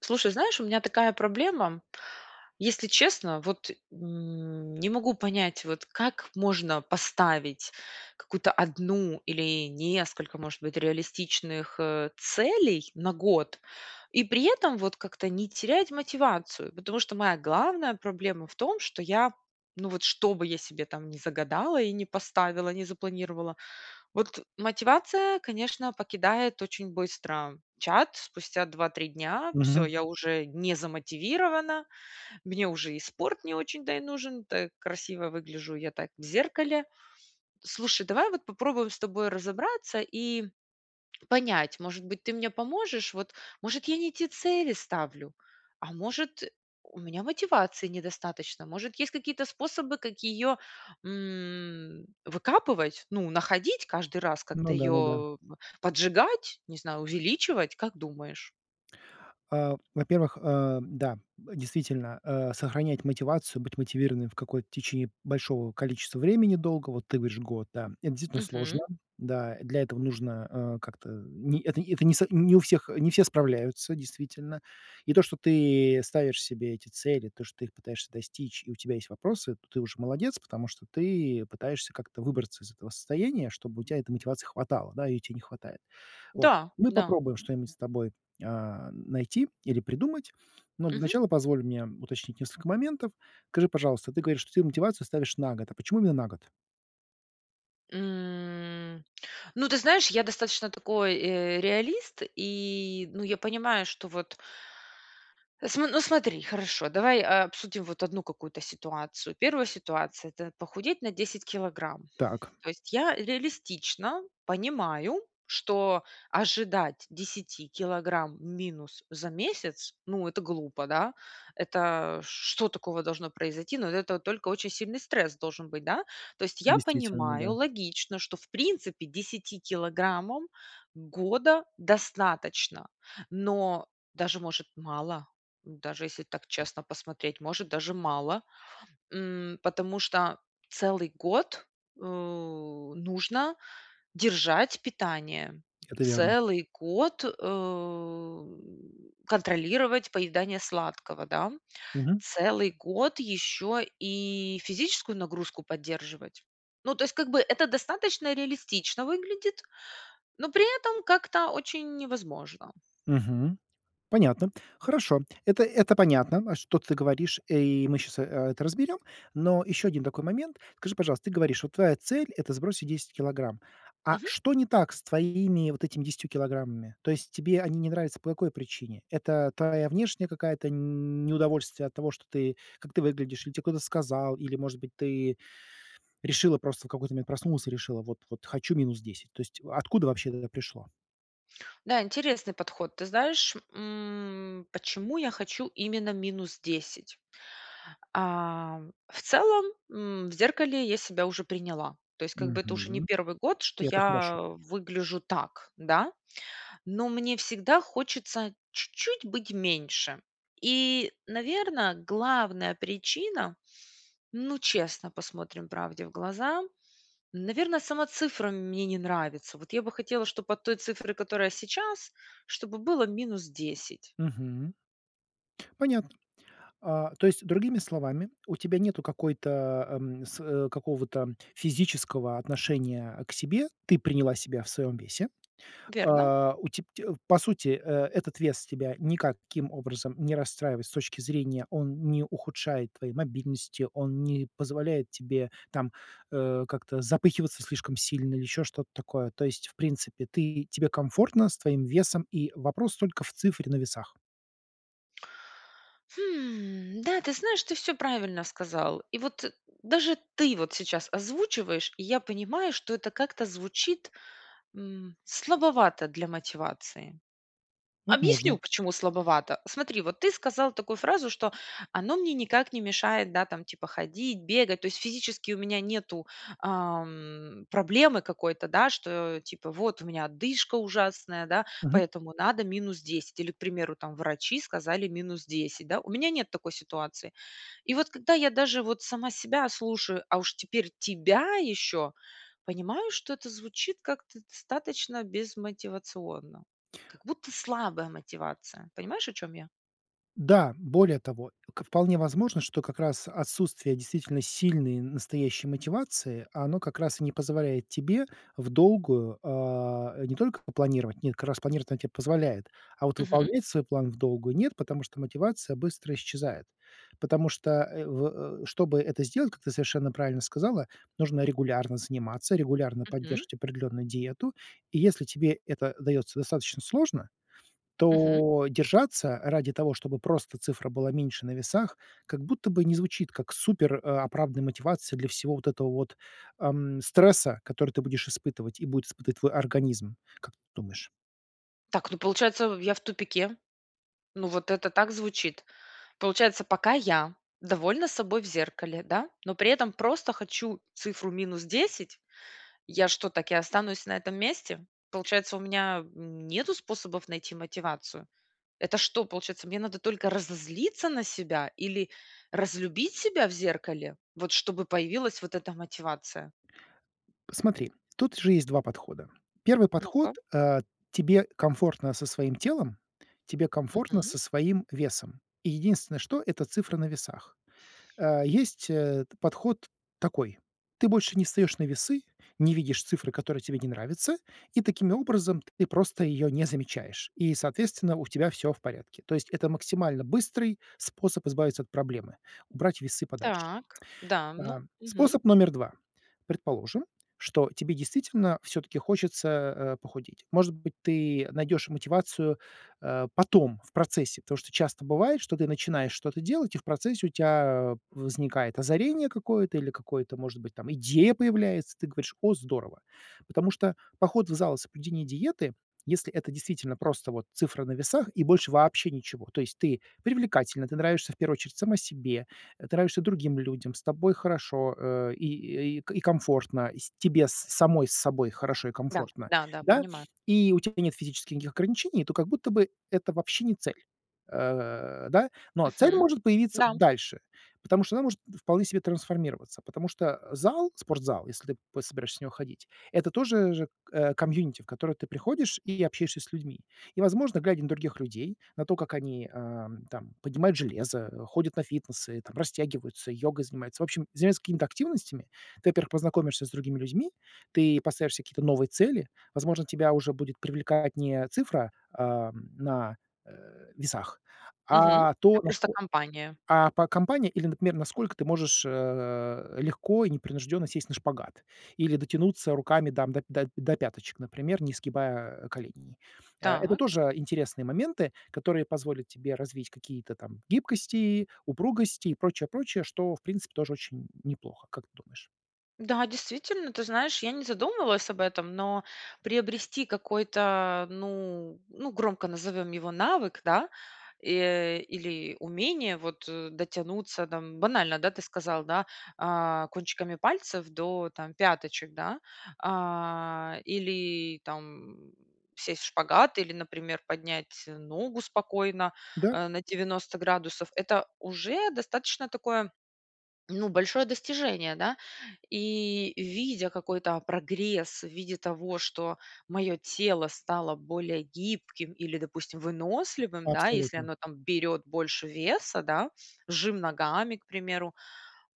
Слушай, знаешь, у меня такая проблема. Если честно, вот, м, не могу понять вот, как можно поставить какую-то 1 или несколько, может быть, реалистичных, э, целей на год, и при этом вот как-то не терять мотивацию. Потому что моя главная проблема в том, что я, ну вот, что бы я себе там не загадала и не поставила, не запланировала, вот мотивация, конечно, покидает очень быстро чат. Спустя 2-3 дня всё, Мгм. я уже не замотивирована, мне уже и спорт не очень-то и нужен, так красиво выгляжу я так в зеркале. Слушай, давай вот попробуем с тобой разобраться и понять, может быть, ты мне поможешь вот? Может, я не те цели ставлю? А, может, у меня мотивации недостаточно? Может, есть какие-то способы, как ее, м, выкапывать? Ну, находить каждый раз, как-то Ну да, ну да. ее поджигать, не знаю, увеличивать, как думаешь? А, во-первых, а, да, действительно, э, сохранять мотивацию, быть мотивированным в какое-то течи большого количества времени долгого, вот ты говоришь год, да, это действительно сложно. Мгм. Да, для этого нужно, а, как-то, не это это не со не у всех не все справляются, действительно. И то, что ты ставишь себе эти цели, то, что ты их пытаешься достичь, и у тебя есть вопросы, то ты уже молодец, потому что ты пытаешься как-то выбраться из этого состояния, чтобы у тя этой мотивации хватало, да, ее те не хватает. Вот Да. мы Да. попробуем что-нибудь с тобой, а, найти или придумать, но для Мгм. начала позволь мне уточнить несколько моментов. Скажи, пожалуйста, ты говоришь, что ты мотивацию ставишь на год. А почему именно на год? М, ну ты знаешь, я достаточно такой, э, реалист и, ну, я понимаю, что вот См ну смотри, хорошо, давай, э, обсудим вот одну какую-то ситуацию. 1 ситуация- это похудеть на 10 килограмм. Так. То есть я реалистично понимаю, что ожидать 10 килограмм минус за месяц, ну, это глупо, да, это что такого должно произойти? Но от этого только очень сильный стресс должен быть, да? То есть я Действительно, понимаю, да. логично, что, в принципе, 10 килограммам года достаточно. Но даже, может, мало, даже если так честно посмотреть, может даже мало. М, потому что целый год, э, нужно держать питание, Это верно. целый год, э, контролировать поедание сладкого, да, Мгм. целый год еще и физическую нагрузку поддерживать. Ну, то есть как бы это достаточно реалистично выглядит, но при этом как-то очень невозможно. Мгм. Понятно. Хорошо, это это понятно, а, что ты говоришь, э, и мы щас, а, это разберем. Но еще один такой момент. Скажи, пожалуйста, ты говоришь, вот твоя цель- это сбросить 10 килограмм. А Мгм. что не так с твоими вот этими 10 килограммами? То есть тебе они не нравятся по какой причине? Это твоя внешняя какая-то неудовольствие от того, что ты как ты выглядишь, или те кто-то сказал, или, может быть, ты решила просто в какой-то момент, проснулась и решила: "Вот вот хочу -10". То есть откуда вообще это пришло? Да, интересный подход. Ты знаешь, м, почему я хочу именно минус 10? А, в целом, м, в зеркале я себя уже приняла. То есть, как бы, это уже не Мгм, 1 год, что и это я хорошо. выгляжу так, да? Но мне всегда хочется чуть-чуть быть меньше. И, наверно, главная причина, ну, честно посмотрим правде в глаза, наверно, сама цифра мне не нравится. Вот я бы хотела, чтобы от той цифры, которая сейчас, чтобы было минус 10. Мгм. Понятно. А то есть, другими словами, у тебя нету какой-то, ам, с какого-то физического отношения к себе, ты приняла себя в своем весе. Верно. А, у теб теб по сути, э, этот вес тебя никаким образом не расстраивает с точки зрения, он не ухудшает твоей мобильности, он не позволяет тебе там, э, как-то запыхиваться слишком сильно, или еще что-то такое. То есть, в принципе, ты тебе комфортно с твоим весом, и вопрос только в цифре на весах. Хм, да, ты знаешь, ты всё правильно сказал. И, вот, даже ты вот сейчас озвучиваешь, и я понимаю, что это как-то звучит, м, слабовато для мотивации. Объясню, Возможно. почему слабовато. Смотри, вот ты сказал такую фразу, что: "Оно мне никак не мешает, да, там, типа, ходить, бегать". То есть физически у меня нету, ам, проблемы какой-то, да, что, типа, вот у меня одышка ужасная, да, Мгм. поэтому надо минус 10. Или, к примеру, там, врачи сказали: "Минус 10". Да. У меня нет такой ситуации. И вот когда я даже, вот, сама себя слушаю, а уж теперь тебя еще, понимаю, что это звучит как-то достаточно безмотивационно. Как будто слабая мотивация. Понимаешь, о чем я? Да, более того, к вполне возможно, что как раз отсутствие действительно сильной настоящей мотивации, оно как раз и не позволяет тебе вдолгую, а, не только попланировать, нет, как раз планировать она тебе позволяет. А вот Мгм. выполнять свой план вдолгую- нет, потому что мотивация быстро исчезает. Потому что, э, в чтобы это сделать, как ты совершенно правильно сказала, нужно регулярно заниматься, регулярно Мгм. поддерживать определенную диету. И если тебе это дается достаточно сложно, Мгм. то держаться ради того, чтобы просто цифра была меньше на весах, как будто бы не звучит как супероправданная мотивация для всего вот этого вот, ам, стресса, который ты будешь испытывать. И будет испытывать твой организм. Как ты думаешь? Так, ну получается, я в тупике. Ну, вот это так звучит. Получается, пока я довольна собой в зеркале, да, но при этом просто хочу цифру минус 10, я что, так и останусь на этом месте? Получается, у меня, м, нету способов найти мотивацию? Это что, получается, мне надо только разозлиться на себя или разлюбить себя в зеркале, вот чтобы появилась вот эта мотивация? Смотри, тут же есть 2 подхода. Первый подход: Ну-ка. а, тебе комфортно со своим телом, тебе комфортно Мгм. со своим весом. Единственное, что- это цифры на весах. Э, есть, э, подход такой: ты больше не встаешь на весы, не видишь цифры, которые тебе не нравятся, и таким образом ты просто ее не замечаешь. И, соответственно, у тебя всё в порядке. То есть это максимально быстрый способ избавиться от проблемы- убрать весы подальше. Так, да, А, ну Мгм. способ номер 2. Предположим, что тебе действительно всё-таки хочется, э, похудеть. Может быть, ты найдешь мотивацию, э, потом, в процессе, потому что часто бывает, что ты начинаешь что-то делать, и в процессе у тебя возникает озарение какое-то или какое-то, может быть там идея появляется, ты говоришь: "О, здорово!" Потому что поход в зал и соблюдение диеты, если это действительно просто вот цифра на весах и больше вообще ничего. То есть ты привлекательна, ты нравишься в первую очередь сама себе, ты нравишься другим людям, с тобой хорошо, э, и и и комфортно, с тебе самой с собой хорошо и Да, комфортно, да да, да, понимаю. у тебя нет физических никаких ограничений, то как будто бы это вообще не цель. Э, да, но цель Мгм, может появиться да. дальше, потому что она может вполне себе трансформироваться, потому что зал, спортзал, если ты, п собираешься в него ходить, это тоже же же, э, комьюнити, в которое ты приходишь и общаешься с людьми. И, возможно, глядя на других людей, на то, как они, ам, там поднимают железо, ходят на фитнесы там, растягиваются, йогой занимаются, в общем, заниматься какими-то активностями, ты, во-первых, познакомишься с другими людьми, ты поставишь себе какие-то новые цели. Возможно, тебя уже будет привлекать не цифра, а, на, э, весах, Мгм, а а то, просто насколько, компания. а, по компания или, например, насколько ты можешь, э, легко и непринужденно сесть на шпагат или дотянуться руками там до до до пяточек, например, не сгибая, а, коленей. А это Так. тоже интересные моменты, которые позволят тебе развить какие-то там гибкости, упругости и прочее прочее, что в принципе тоже очень неплохо. Как ты думаешь? Да, действительно, ты знаешь, я не задумывалась об этом, но приобрести какой-то, ну ну, громко назовем его, навык, да, и или умение вот дотянуться там, банально, да, ты сказал, да: а, "Кончиками пальцев до, там, пяточек", да. А, или, там, сесть в шпагат, или, например, поднять ногу спокойно, Да. э, на 90 градусов- это уже достаточно такое, ну, большое достижение, да. И, видя какой-то прогресс в виде того, что мое тело стало более гибким или, допустим, выносливым, да, если Абсолютно. оно там берет больше веса, да, жим ногами, к примеру.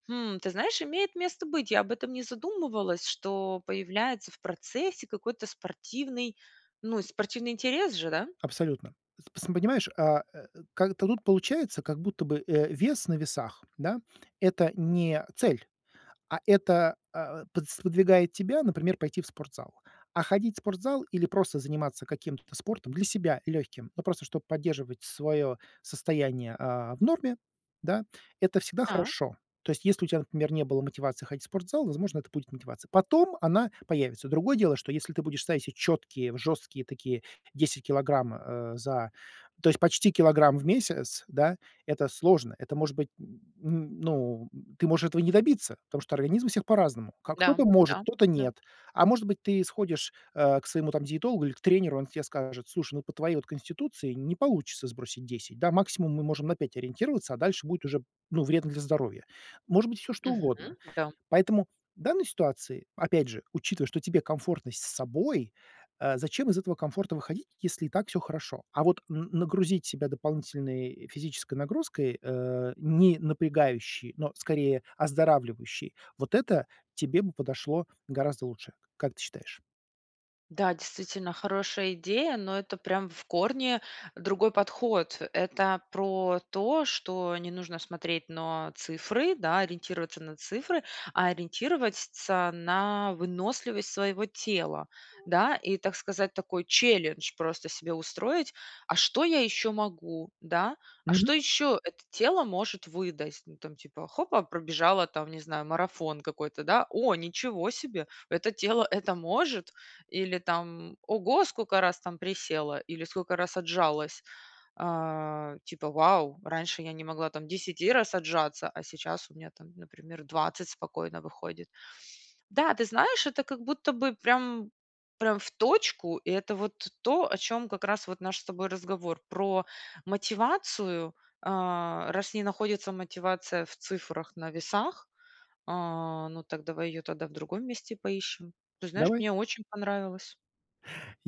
М, ты знаешь, имеет место быть. Я об этом не задумывалась, что появляется в процессе какой-то спортивный ну, спортивный интерес же, да. Абсолютно. П пс понимаешь, а, э, как-то тут получается, как будто бы, э, вес на весах, да, это не цель, а это, а, подс сподвигает тебя, например, пойти в спортзал. А ходить в спортзал или просто заниматься каким-то спортом для себя, легким, ну просто чтоб поддерживать свое состояние, а, в норме, да, это всегда Так. хорошо. То есть если у тебя, например, не было мотивации ходить в спортзал, возможно, это будет мотивация. Потом она появится. Другое дело, что если ты будешь ставить четкие, жесткие такие 10 килограмм, а, за то есть почти килограмм в месяц, да, это сложно. Это может быть, ну, ты можешь этого не добиться, потому что организм у всех по-разному. Как Да, кто-то может, да, кто-то да. нет. А может быть, ты сходишь, э, к своему там диетологу или к тренеру, и они тебе скажут: "Слушай, ну, по твоей вот конституции не получится сбросить 10. Да, максимум мы можем на 5 ориентироваться, а дальше будет уже, ну, вредно для здоровья". Может быть всё что Мгм, угодно. да. Поэтому в данной ситуации, опять же, учитывая, что тебе комфортно с собой, э, зачем из этого комфорта выходить, если и так всё хорошо? А вот н нагрузить себя дополнительной физической нагрузкой, э, не напрягающей, но скорее оздоравливающей,- вот это тебе бы подошло гораздо лучше. Как ты считаешь? Да, действительно, хорошая идея, но это прям в корне другой подход. Это про то, что не нужно смотреть но цифры, да, ориентироваться на цифры, а ориентировать ться на выносливость своего тела, да. И, так сказать, такой челлендж просто себе устроить: "А что я еще могу?", да. "А Мгм. что еще это тело может выдать?" Ну там типа хопа- пробежала там, не знаю, марафон какой-то, да. "О, ничего себе! Это тело это может?" Или там: "Ого, сколько раз там присела, или сколько раз отжалась!" А, типа: "Вау! Раньше я не могла там 10 раз отжаться, а сейчас у меня там, например, 20 спокойно выходит". Да, ты знаешь, это как будто бы прям прям в точку. Это вот то, о чем как раз вот наш с тобой разговор- про мотивацию. А, раз не находится мотивация в цифрах на весах, а, ну так давай ее тогда в другом месте поищем. Ты знаешь, Давай. мне очень понравилось.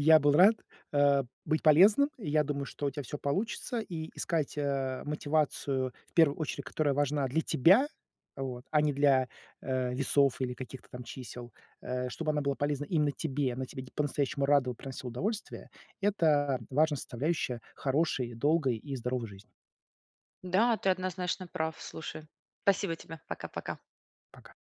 Я был рад, э, быть полезным. Я думаю, что у тебя всё получится: и искать, э, мотивацию, в первую очередь, которая важна для тебя, вот, а не для, э, весов или каких-то там чисел, э, чтобы она была полезна именно тебе, она тебя по-настоящему рада и приносила удовольствие. Это важная составляющая хорошей, долгой и здоровой жизни. Да, ты однозначно прав. Слушай, спасибо тебе. Пока, пока. Пока.